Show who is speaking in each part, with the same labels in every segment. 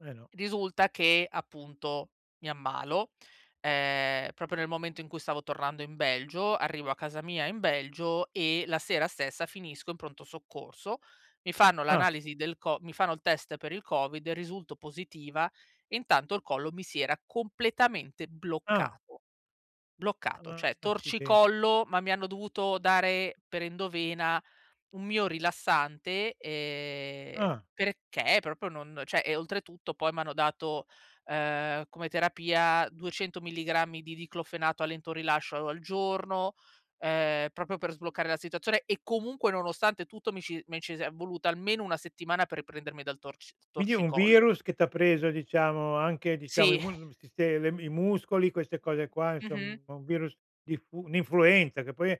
Speaker 1: Eh, no.
Speaker 2: Risulta che, appunto, mi ammalo, ehm, proprio nel momento in cui stavo tornando in Belgio, arrivo a casa mia in Belgio e la sera stessa finisco in pronto soccorso. Mi fanno
Speaker 1: Ah.
Speaker 2: l'analisi del co mi fanno il test per il COVID e risulto positiva, e intanto, il collo mi si era completamente
Speaker 1: Ah.
Speaker 2: bloccato. Bloccato,
Speaker 1: Ah,
Speaker 2: cioè,
Speaker 1: acciden
Speaker 2: torcicollo, ma mi hanno dovuto dare per endovena un miorilassante, ehm,
Speaker 1: Ah.
Speaker 2: perché proprio non cioè, oltretutto, poi m'hanno dato, ehm, come terapia, 200 milligrammi di Diclofenac a lento rilascio al giorno, ehm, proprio per sbloccare la situazione e comunque, nonostante tutto, mi ci mi ci si è voluta almeno una settimana per riprendermi dal torci
Speaker 1: Quindi è un
Speaker 2: torcicollo.
Speaker 1: virus che t'ha preso, diciamo, anche, diciamo, i
Speaker 2: Sì.
Speaker 1: musc il siste le i muscoli, queste cose qua,
Speaker 2: Mh-mh.
Speaker 1: insom un virus diffu un'influenza, che poi,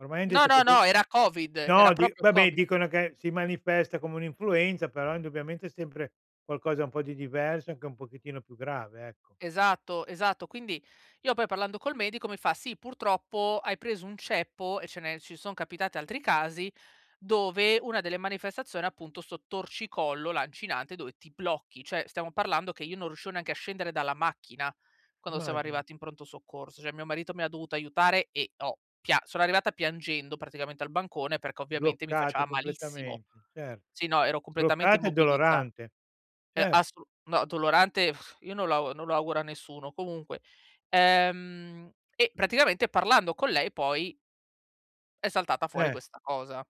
Speaker 1: ormai han
Speaker 2: No,
Speaker 1: detto che
Speaker 2: no,
Speaker 1: de
Speaker 2: no, era COVID, era
Speaker 1: No di,
Speaker 2: proprio
Speaker 1: vabbè,
Speaker 2: COVID.
Speaker 1: dicono che si manifesta come un'influenza, però, indubbiamente, è sempre qualcosa un po' di diverso, anche un pochettino più grave, ecco.
Speaker 2: Esatto, esatto. Quindi, io, poi, parlando col medico, mi fa: "Sì, purtroppo hai preso un ceppo e ce ne ci son capitati altri casi, dove una delle manifestazioni, appunto, 'sto torcicollo lancinante dove ti blocchi." Cioè, stiamo parlando che io non riuscivo neanche a scendere dalla macchina, quando siamo
Speaker 1: Immagino.
Speaker 2: arrivati in pronto soccorso. Cioè, mio marito mi ha dovuto aiutare e ho pia sono arrivata piangendo, praticamente, al bancone, perché, ovviamente, mi
Speaker 1: Bloccate
Speaker 2: faceva malissimo.
Speaker 1: completamente, certo.
Speaker 2: Sì, no, ero completamente
Speaker 1: Bloccate e
Speaker 2: immobilizza
Speaker 1: dolorante,
Speaker 2: E
Speaker 1: cer
Speaker 2: assolu no, dolorante, io non lo auguro a nessuno. Comunque, ehm, e, praticamente, parlando con lei poi è saltata fuori
Speaker 1: Eh.
Speaker 2: questa cosa.